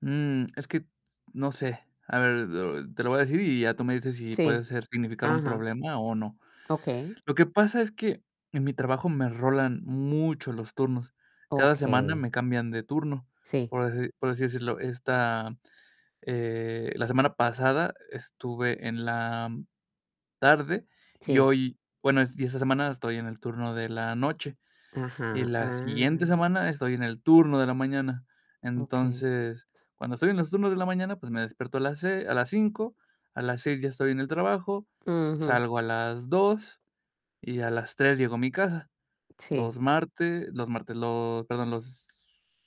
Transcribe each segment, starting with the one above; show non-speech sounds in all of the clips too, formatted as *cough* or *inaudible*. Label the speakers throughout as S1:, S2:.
S1: Mm, es que no sé. A ver, lo te lo voy a decir y ya tú me dices si puede
S2: Sí
S1: ser significar un
S2: Ajá.
S1: problema o no.
S2: Okey.
S1: Lo que pasa es que en mi trabajo me rolan mucho los turnos. Cada semana
S2: Okey.
S1: me cambian de turno,
S2: Sí.
S1: por deci por así decirlo. Esta, eh, la semana pasada estuve en la tarde, y
S2: Sí.
S1: hoy bueno, es y esta semana estoy en el turno de la noche. Y
S2: Ajá,
S1: la siguiente
S2: ah
S1: semana estoy en el turno de la mañana.
S2: Okey.
S1: Entonces, cuando estoy en los turnos de la mañana, pues, me despierto a las se a las 5:00 a las 6:00 ya estoy en el trabajo,
S2: Ujú.
S1: salgo a las 2, y a las 3:00 llego a mi casa.
S2: Sí.
S1: Los martes, los martes, los perdón, los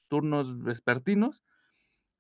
S1: turnos vespertinos,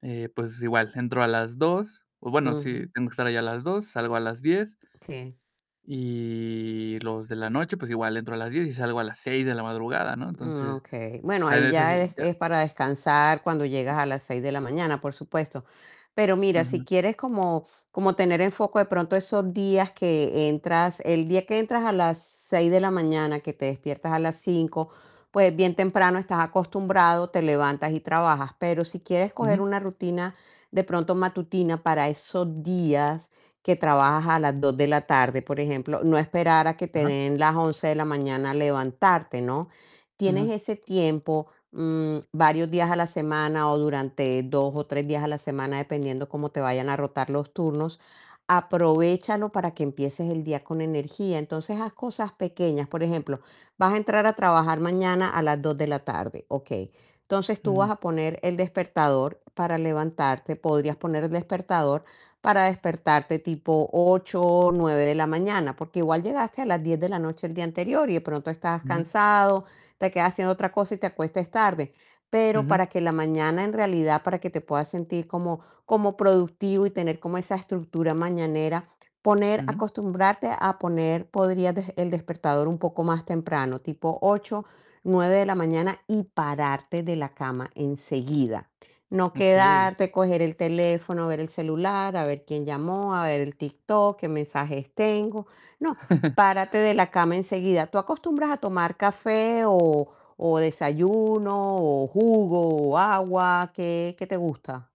S1: eh, pues igual, entro a las 2:00, o bueno,
S2: Ujú.
S1: sí, tengo que estar ahí a las 2:00, salgo a las 10:00.
S2: Sí.
S1: Y los de la noche, pues, igual, entro a las 10:00 y salgo a las 6:00 de la madrugada, ¿no?
S2: Mm,
S1: Entonces,
S2: okey.
S1: o
S2: Bueno,
S1: sea, en
S2: ahí
S1: esas,
S2: ya es,
S1: ya
S2: es para descansar cuando llegas a las 6:00 de la mañana, por supuesto. Pero mira, si
S1: Ujú.
S2: quieres como como tener en foco de pronto esos días que entras, el día que entras a las 6:00 de la mañana, que te despiertas a las 5:00 pues, bien temprano estás acostumbrado, te levantas y trabajas. Pero si quieres coger
S1: Ujú.
S2: una rutina, de pronto matutina, para esos días que trabajas a las 2:00 de la tarde, por ejemplo, no esperar a que te
S1: Ajá.
S2: den las 11:00 de la mañana levantarte, ¿no? Tienes
S1: Ajá.
S2: ese tiempo, mm, varios días a la semana, o durante 2 o 3 días a la semana, dependiendo cómo te vayan a rotar los turnos, aprovéchalo para que empieces el día con energía. Entonces, haz cosas pequeñas. Por ejemplo, vas a entrar a trabajar mañana a las 2:00 de la tarde, okey, entonces, tú
S1: Ujú.
S2: vas a poner el despertador para levantarte. Podrías poner el despertador para despertarte tipo 8, 9 de la mañana, porque igual llegaste a las 10:00 de la noche el día anterior, y de pronto estabas
S1: Ujú.
S2: cansado, te quedas haciendo otra cosa y te acuestas tarde. Pero
S1: Ujú.
S2: para que la mañana, en realidad, para que te puedas sentir como como productivo y tener como esa estructura mañanera, poner
S1: Ujú.
S2: acostumbrarte a poner, podrías des el despertador un poco más temprano, tipo 8, 9 de la mañana y pararte de la cama enseguida. No
S1: Okey.
S2: quedarte, coger el teléfono, ver el celular, a ver quién llamó, a ver el TikTok, qué mensajes tengo. No,
S1: *chuckles*
S2: párate de la cama enseguida, ¿tú acostumbras a tomar café, o o desayuno, o jugo, o agua? ¿Qué qué te gusta?